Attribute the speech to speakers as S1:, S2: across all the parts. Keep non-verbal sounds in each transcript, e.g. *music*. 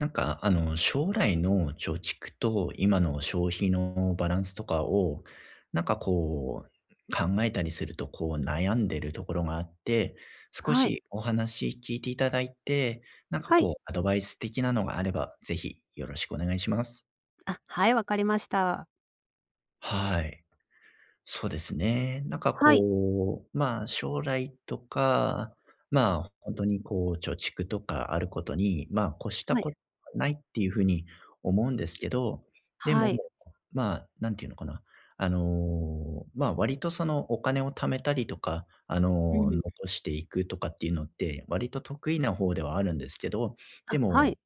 S1: なんか、あの、将来の貯蓄と今の消費のバランスとかを、なんかこう、考えたりすると、こう悩んでるところがあって、少
S2: はい。
S1: しお話聞いて頂いて、なんか
S2: はい。
S1: こう、アドバイス的なのがあれば是非よろしくお願いします。
S2: あ、はい、わかりました。
S1: はい、そうですね、なんか
S2: はい。
S1: こう、まあ、将来とか、まあ、ほんとにこう、貯蓄とかあることに、まあ、越した
S2: はい。
S1: こと、ないっていう風に思うんですけど、で
S2: は
S1: も、
S2: い。
S1: まあ、なんてゆうのかな、あの、まあ、割とその、お金を貯めたりとか、あ
S2: う
S1: の、
S2: ん。
S1: 残していくとかっていうのって、割と得意な方ではあるんですけど、で
S2: あ、はい。
S1: も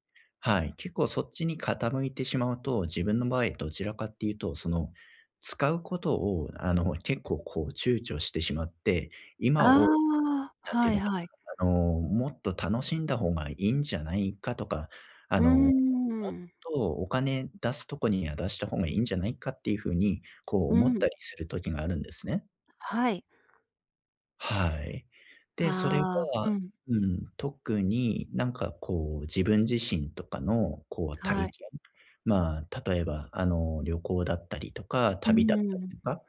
S1: はい。結構そっちに傾いてしまうと、自分の場合どちらかって言うと、その、使うことを、あの、結構こう躊躇してしまって、
S2: あ
S1: 今を、
S2: あ、
S1: なんてゆ
S2: は
S1: う
S2: い
S1: のか
S2: はい。
S1: な、あの、もっと楽しんだ方がいいんじゃないかとか、あ
S2: うー
S1: の、もっ
S2: ん。
S1: とお金出すとこには出した方がいいんじゃないかっていう風に、こう、
S2: う
S1: 思っ
S2: ん。
S1: たりする時があるんですね。
S2: はい。
S1: はい。で、それ
S2: ああ、
S1: は、
S2: うん。
S1: うん、特に何かこう自分自身とかのこう
S2: は
S1: 体
S2: い。
S1: 験ま、例えば、あの、旅行だったりとか、
S2: う
S1: 旅だった
S2: ん。
S1: りとか、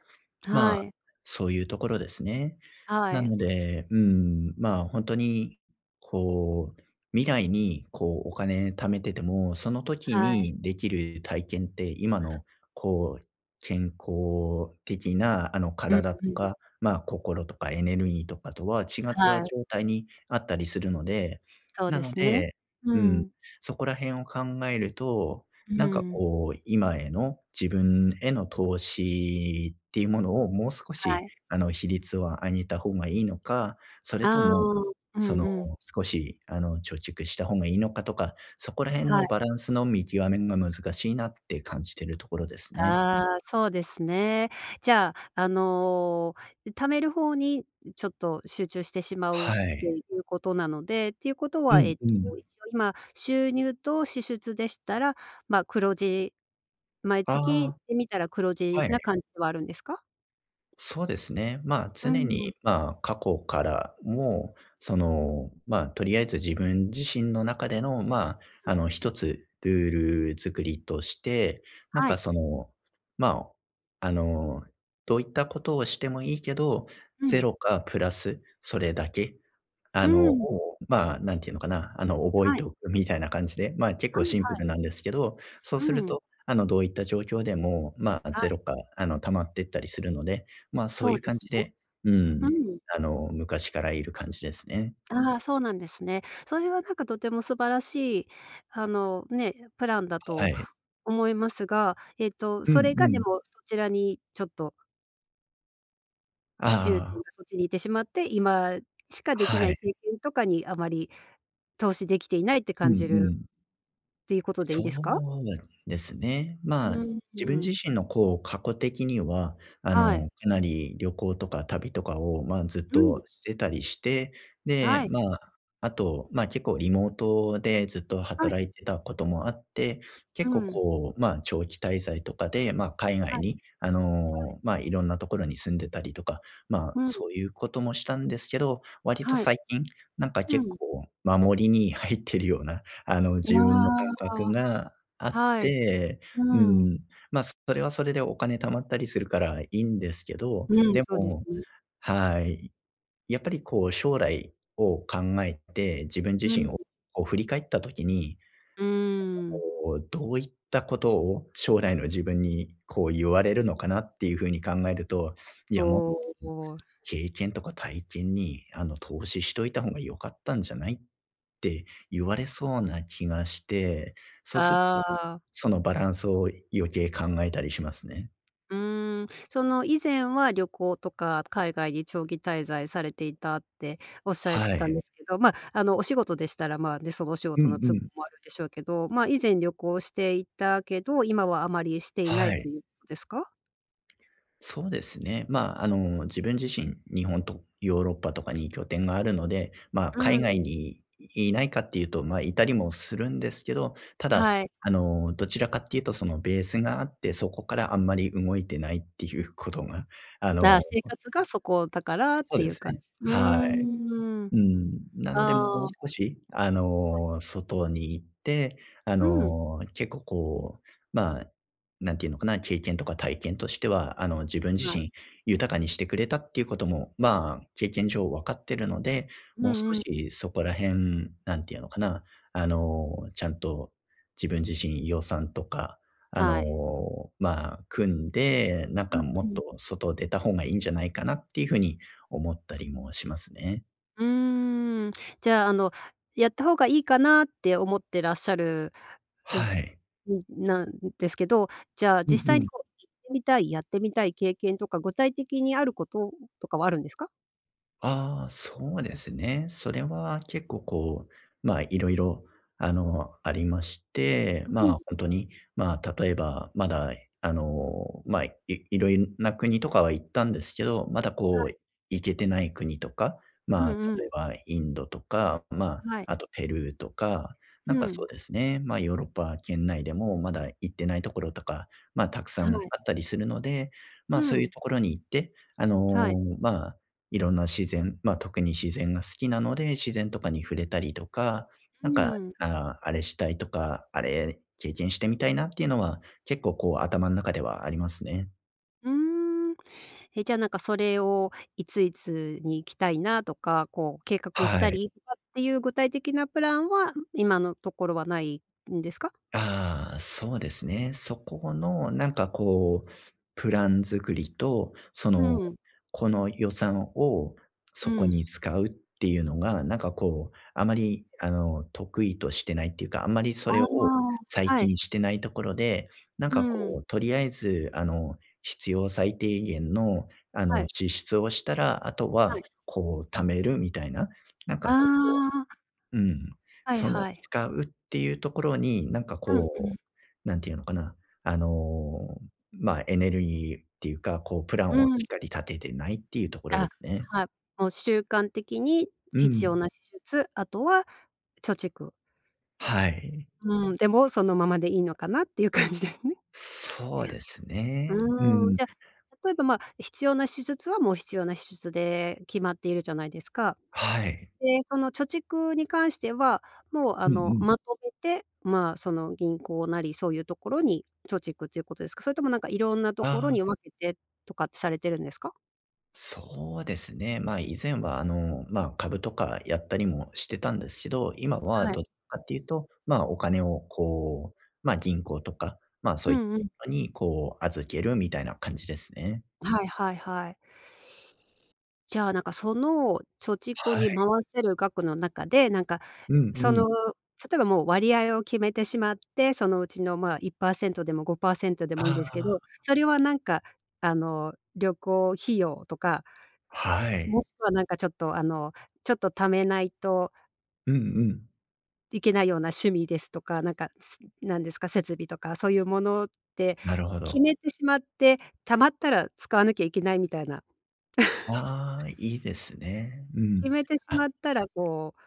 S1: ま、
S2: はい。
S1: そういうところですね。
S2: は
S1: な
S2: い。
S1: ので、うーん、ま、ほんとにこう、未来にこうお金貯めてても、その時
S2: はい。
S1: にできる体験って今のこう、健康的な、あの、
S2: うん
S1: 体と
S2: うん。
S1: か、ま、心とかエネルギーとかとは違っ
S2: は
S1: た
S2: い。
S1: 状態にあったりするので、
S2: そう
S1: な
S2: で
S1: の
S2: すね。
S1: で、
S2: う
S1: うん、
S2: ん。
S1: そこら辺を考えると、
S2: う
S1: なんか
S2: ん。
S1: こう今への自分への投資っていうものをもう少
S2: は
S1: し、
S2: い。
S1: あの、比率を上げた方がいいのか、それと
S2: ああ、
S1: も、
S2: う
S1: そ
S2: ん
S1: の、
S2: うん。
S1: 少し、あの、貯蓄した方がいいのかとか、そこら辺
S2: は
S1: の
S2: い。
S1: バランスの見極めるの難しいなって感じてるところですね。
S2: ああ、そうですね。じゃあ、あの、貯める方にちょっと集中してしまうっ
S1: は
S2: て
S1: い。
S2: いうことなので、っていうこと
S1: う
S2: は、え
S1: ん
S2: っと、
S1: う
S2: 一
S1: ん。
S2: 応今収入と支出でしたら、ま、黒字毎月
S1: あ、
S2: でみたら黒字
S1: はい。
S2: な感じではあるんですか？
S1: そうですね。ま、
S2: う
S1: 常に、
S2: ん。
S1: ま、過去からも、その、ま、とりあえず自分自身の中での、ま、あの一つルール作りとして、なん
S2: は
S1: か
S2: い。
S1: その、ま、あの、どういったことをしてもいいけど、
S2: う
S1: ゼ
S2: ん。
S1: ロかプラスそれだけ、
S2: う
S1: あの、
S2: ん。
S1: ま、何て言うのかな、あの、覚え
S2: は
S1: て
S2: い。
S1: おくみたいな感じで、ま、結構
S2: はい
S1: シンプ
S2: はい。
S1: ルなんですけど、そう
S2: う
S1: する
S2: ん。
S1: と、あの、どういった状況でも、ま、
S2: は
S1: ゼ
S2: い。
S1: ロか、あの溜まってったりするので、ま、そう
S2: そう
S1: いう
S2: で
S1: 感
S2: す
S1: じ
S2: ね。
S1: でうー
S2: う
S1: ん、
S2: ん。
S1: あの、昔からいる感じですね。
S2: あ、そうなんですね。それはなんかとても素晴らしいあの、ね、プランだ
S1: は
S2: と
S1: い。
S2: 思いますが、えっと、
S1: うん
S2: それ
S1: う
S2: がで
S1: ん。
S2: もそちらにちょっと
S1: あ
S2: 重
S1: あ
S2: 点
S1: ああ。
S2: がそっちに行ってしまって、今しかでき
S1: は
S2: ない
S1: い。
S2: 経験とかにあまり、投資できていないって
S1: う
S2: 感
S1: ん
S2: じ
S1: う
S2: る、
S1: ん。
S2: ていうことでいい
S1: そ
S2: で
S1: う
S2: す
S1: な
S2: か？
S1: んですね。まあ、
S2: うんう
S1: 自分
S2: ん。
S1: 自身の、こう、過去的には、あ
S2: はい。
S1: の、かなり旅行とか旅とかを、まあ、ずっ
S2: うん。
S1: としてたりして、で、
S2: はい。
S1: まあ、あと、ま、結構リモートでずっと
S2: はい。
S1: 働いてたこともあって、
S2: う
S1: 結構、
S2: ん。
S1: こう、ま、長期滞在とかで、ま、海
S2: は
S1: 外
S2: い。
S1: に、あ
S2: はい。
S1: の、ま、色んなところに住んでたりとか、ま、
S2: うん。
S1: そういうこともしたんですけど、割と
S2: はい。
S1: 最近、なんか、
S2: う
S1: 結
S2: ん。
S1: 構守りに入ってるような、あの、
S2: あ
S1: 自分の感
S2: あ、
S1: 覚
S2: あ。
S1: があっ
S2: はい。
S1: て。う
S2: うん。
S1: ーん、ま、それはそれでお金貯まったりするからいいんですけど、
S2: うん、
S1: で
S2: そうです
S1: も
S2: ね。
S1: はい、やっぱり、こう、将来を考えて、自分自
S2: う
S1: 身
S2: ん。
S1: を、こう、振り返った時に、
S2: うーん。
S1: なんか、こう、どういったことを将来の自分に、こう、言われるのかなっていう風に考えると、「いや、もっと
S2: おお。
S1: 経験とか体験に、あの、投資しといた方が良かったんじゃない？」って言われそうな気がして、そうする
S2: ああ。
S1: そのバランスを余計考えたりしますね。
S2: うーん、その以前は旅行とか海外に長期滞在されていたっておっしゃっ
S1: は
S2: たん
S1: い。
S2: ですけど、まあ、あの、お仕事でしたら、まあ、ね、そのお仕
S1: う
S2: 事の
S1: んう
S2: 都合
S1: ん。
S2: もあるでしょうけど、まあ、以前旅行していたけど、今はあまりしていない
S1: はい。
S2: ということですか？
S1: そうですね。ま、あの、自分自身、日本とヨーロッパとかに拠点があるので、ま、
S2: う
S1: 海外
S2: ん。
S1: にいないかっていうと、ま、いたりもするんですけど、ただ、
S2: はい。
S1: あの、どちらかっていうとそのベースがあって、そこからあんまり動いてないっていうことが、あ
S2: あ、
S1: の
S2: 生活がそこだからっ
S1: そう
S2: てい
S1: で
S2: う
S1: す
S2: 感
S1: ね。
S2: じ。う
S1: はい。
S2: ん。
S1: うん。なのでもう
S2: ああ。
S1: 少し、あ
S2: はい。
S1: の、外に行って、あ
S2: うん。
S1: の、結構こう、まあ、何て言うのかな、経験とか体験としては、あの、自分自
S2: はい。
S1: 身、豊かにしてくれたっていうことも、ま、経験上分かってるので、
S2: う
S1: もう少
S2: んうん。
S1: しそこら辺、何て言うのかな、あの、ちゃんと自分自身、予算とか、あ
S2: は
S1: の、
S2: い。
S1: ま、組んで、なん
S2: う
S1: か
S2: ん
S1: も
S2: う
S1: っと
S2: ん。
S1: 外、出た方がいいんじゃないかなっていう風に思ったりもしますね。
S2: うーん、じゃあ、あの、やった方がいいかなって思ってらっしゃる、う、
S1: はい。
S2: うん、なんですけど、じゃあ
S1: うん
S2: 実際
S1: う
S2: に
S1: ん。
S2: こう行ってみたい、やってみたい経験とか、具体的にあることとかはあるんですか？
S1: ああ、そうですね。それは結構こう、まあ、色々、あの、ありまして、
S2: う
S1: まあ、
S2: ん。
S1: ほんとに、まあ、例えば、まだ、あの、まあ、いいろいんな、国とかは行ったんですけど、まだ
S2: は
S1: こ
S2: い。
S1: う、行けてない国とか、
S2: うん
S1: まあ、
S2: う
S1: 例
S2: ん。
S1: えばインドとか、まあ、
S2: はい。
S1: あとペルーとか、なん
S2: う
S1: かそう
S2: ん。
S1: ですね、ま、ヨーロッパ圏内でもまだ行ってないところとか、まあ、たくさ
S2: は
S1: んあ
S2: い。
S1: ったりするので、まあ、
S2: う
S1: そうゆう
S2: ん。
S1: ところに行って、あの、
S2: はい。
S1: まあ、いろんな自然まあ、特に自然が好きなので、自然とかに触れたりとか、
S2: う
S1: なんか、
S2: ん、う。
S1: ああ、あれしたい、とか、あれ、経験してみたいなっていうのは、結構、こう、頭ん中ではありますね。
S2: うーん。え、じゃあ、なんかそれを、いついつに行きたいなとか、こう計画し
S1: は
S2: た
S1: い。
S2: りとかってゆう具体的なプランは、今のところはないんですか？
S1: ああ、そうですね。そこのなんかこう、プラン作りと、その、
S2: うん。
S1: この予算を
S2: う
S1: そこに
S2: ん。
S1: 使うってゆうのがなんかこう、あまり、あの、得意としてないっていうか、あんまりそ
S2: あ
S1: れを
S2: あ、
S1: 最
S2: はい。
S1: 近してないところで、なん
S2: う
S1: かこ
S2: ん。
S1: う、とりあえず、あの、必要最低限の、あ
S2: は
S1: の、
S2: い。
S1: 支出をしたら、後
S2: は
S1: は、
S2: い。
S1: こう、貯めるみたいな、なん
S2: あ
S1: かこ
S2: あ。
S1: ううん。
S2: はい
S1: その、
S2: はい。
S1: 使うってゆうところに、なんか
S2: うんうん。
S1: こう、なんてゆうのかな、あの、まあ、エネルギーってゆうか、こう、プラン
S2: う
S1: をし
S2: ん。
S1: っかり立ててないっていうところで
S2: あ、
S1: すね。
S2: はい、もう、習慣的に
S1: う
S2: 必
S1: ん。
S2: 要な支出、あとは貯蓄。
S1: はい。
S2: うん、で、もう、そのままでいいのかなっていう感じですね。
S1: そうですね。う
S2: うーん、
S1: ん。
S2: じゃ、例えばま、必要な支出はもう必要な支出で決まっているじゃないですか。
S1: はい。
S2: で、その貯蓄に関しては、もうあ
S1: うんう
S2: の、
S1: ん。
S2: まとめて、ま、その銀行なりそういうところに、貯蓄ということですか？それともなんか色んなとこ
S1: あ
S2: ろに
S1: あ。
S2: 分けて、とかってされてるんですか？
S1: そうですね。ま、以前はあの、ま、株とかやったりもしてたんですけど、今は
S2: はい。
S1: どっちかっていうと、ま、お金をこう、ま、銀行とか、ま、そ
S2: う
S1: うい
S2: んうん。
S1: のにこう、預けるみたいな感じですね。
S2: はいはいはい。じゃあ、なんかその貯蓄
S1: は
S2: に
S1: い。
S2: 回せる額の中で、なんか、
S1: うん
S2: そ
S1: うん。
S2: の例えばもう割合を決めてしまって、そのうちの、ま、1%でも5%でもいいん
S1: あ
S2: ですけ
S1: あ。
S2: ど、それはなんかあの旅行費用とか
S1: は
S2: も
S1: い。
S2: しくはなんかちょっとあの、ちょっと貯めないと
S1: うんうん。
S2: いけないような趣味ですとか、なんか、なんですか、設備とかそういうものって
S1: なるほ
S2: 決
S1: ど。
S2: めてしまって、貯まったら使わなきゃいけないみたいな。*chuckles*
S1: ああ、いいですね。う
S2: 決
S1: ん。
S2: めてし
S1: あ。
S2: まったらこう、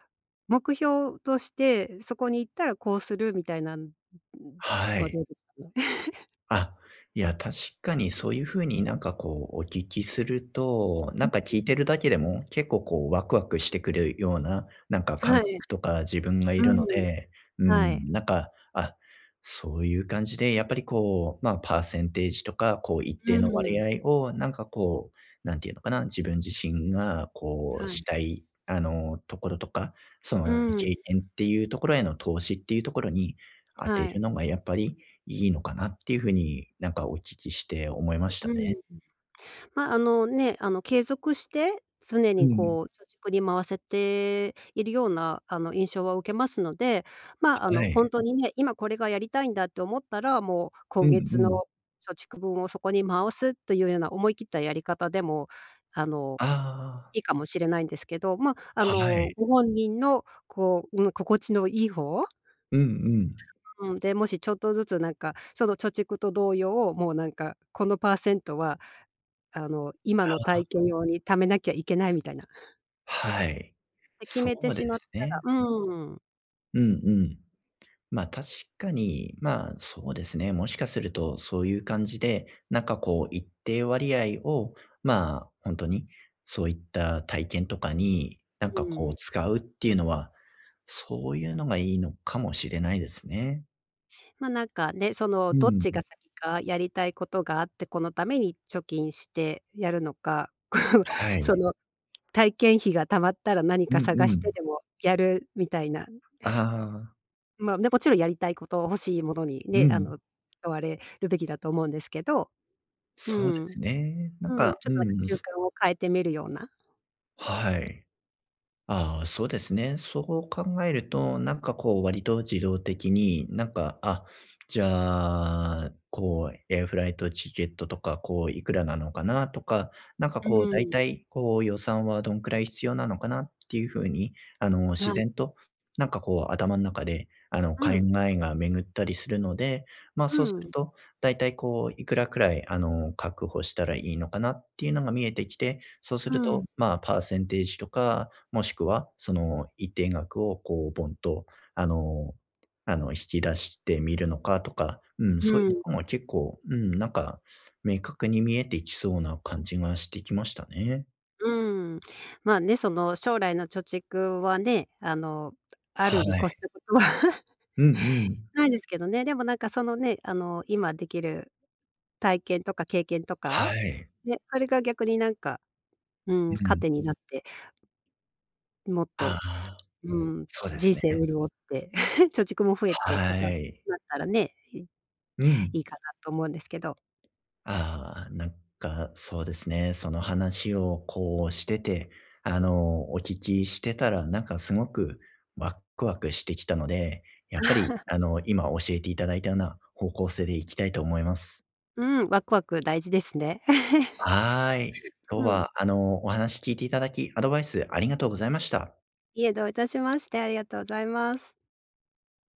S2: 目標として、そこに行ったらこうするみたいなん、*unintelligible*
S1: は
S2: とは
S1: い。
S2: どうですかね？*chuckles*
S1: あ、いや、確かにそういう風になんかこう、お聞きすると、な
S2: う
S1: んか
S2: ん。
S1: 聞いてるだけでも結構こうワクワクしてくるような、なんか感
S2: はい。
S1: 覚とか自分がい
S2: う
S1: るの
S2: ん、
S1: で、う
S2: はい。
S1: ん、なんか、あ、そういう感じで、やっぱりこう、ま、パーセンテージとか、こう、一
S2: う
S1: 定の割
S2: ん。
S1: 合をなんかこう、何て言うのかな、自分自身がこう
S2: は
S1: し
S2: い。
S1: たい、あの、ところとか、そ
S2: う
S1: の経
S2: ん。
S1: 験っていうところへの投資っていうところに当
S2: は
S1: てる
S2: い。
S1: のがやっぱりいいのかなっていう風になんかお聞きして思いました
S2: う
S1: ね。
S2: ん。ま、あの、ね、あの継続して、常
S1: う
S2: に
S1: ん。
S2: こう、貯蓄に回せているようなあの、印象は受けますので、ま、あ
S1: は
S2: の、ほ
S1: い。
S2: んとにね、今これがやりたいんだって思ったら、もう
S1: う
S2: 今
S1: んう
S2: 月の、
S1: ん。
S2: 貯蓄分をそこに回すというような思い切ったやり方でも、あの、
S1: ああ。
S2: いいかもしれないんですけど、ま、あ
S1: は
S2: の
S1: い。
S2: ご本人のこう、うん、心地のいい方
S1: うんうん。
S2: うん、で、もしちょっとずつなんか、その貯蓄と同様、もうなんか、このパーセントは、あの今の
S1: ああ。
S2: 体験用に貯めなきゃいけないみたいな。
S1: はい、
S2: で、決
S1: そ
S2: めて
S1: う
S2: し
S1: で
S2: まっ
S1: す
S2: た
S1: ね。
S2: ら、うーん。
S1: うんうん。ま、確かに、まあ、そうですね、もしかするとそういう感じで、なんかこう一定割合を、まあ、ほんとにそういった体験とかに何
S2: う
S1: かこう
S2: ん。
S1: 使うっていうのは、そういうのがいいのかもしれないですね。
S2: ま、なんかね、その、
S1: う
S2: どっ
S1: ん、
S2: ち
S1: ん。
S2: が先かやりたいことがあって、このために貯金してやるのか、こう、
S1: は
S2: そ
S1: い。
S2: の、体験費が貯まったら何
S1: う
S2: か
S1: ん
S2: 探し
S1: う
S2: て
S1: ん。
S2: でもやるみたいな。
S1: ああ。
S2: まあね、もちろんやりたいこと、欲しいものに
S1: う
S2: ね、あ
S1: ん。
S2: の、使われるべきだと思うんですけど。う
S1: そうで
S2: ん。
S1: すね。なん
S2: うん、
S1: か、
S2: ちょっ
S1: う
S2: となんか
S1: んうん、
S2: 習
S1: す
S2: 慣を変えてみるような。
S1: はい。ああ、そうですね。そう考えるとなんかこう割と自動的になんか、「あ、じゃあ、こう、エアフライトチケットとか、こういくらなのかな」とか、なんか
S2: う
S1: こう、「大
S2: ーん。
S1: 体こう、予算はどんくらい必要なのかな」っていう風に、あの、
S2: は
S1: 自
S2: い。
S1: 然と、なんかこう頭ん中で、あの、
S2: う
S1: 考
S2: ん。
S1: えが巡ったりするので、ま、
S2: う
S1: そうする
S2: ん。
S1: と大体こう、いくらくらいあの、確保したらいいのかなっていうのが見えてきて、そうする
S2: う
S1: と、
S2: ん。
S1: まあ、パーセンテージとか、もしくはその一定額をこうボンと、あのあの、引き出してみるのかとか、うん、
S2: う
S1: そういうと
S2: ん。
S1: こも結構、うん、なんか明確に見えていきそうな感じがしてきましたね。
S2: うーん、まあね、その将来の貯蓄はね、あの、ある
S1: は
S2: に越し
S1: い。
S2: たことは
S1: うんうん。
S2: ないですけどね、でもなんかそのね、あの、今できる体験とか経験とか、
S1: はい。
S2: ね、それが逆になんか、うん、
S1: うん。
S2: 糧になって、ん、もっ
S1: あ
S2: と、
S1: あ、
S2: うん、
S1: そうで
S2: 人
S1: すね。
S2: 生潤って、*chuckles* 貯蓄も増えてと
S1: は
S2: かだ
S1: い。
S2: ったらね、い
S1: うん。
S2: いいかなと思うんですけど。
S1: ああ、なんかそうですね。その話をこうしてて、あの、お聞きしてたらなんかすごくワクワクしてきたので、やっぱり
S2: *chuckles*
S1: あの、今教えていただいたような方向性でいきたいと思います。
S2: うん、ワクワク大事ですね。
S1: はい。
S2: *chuckles*
S1: 今日
S2: うん。
S1: はあのお話聞いて頂き、アドバイスありがとうございました。
S2: いえ、どういたしまして。ありがとうございます。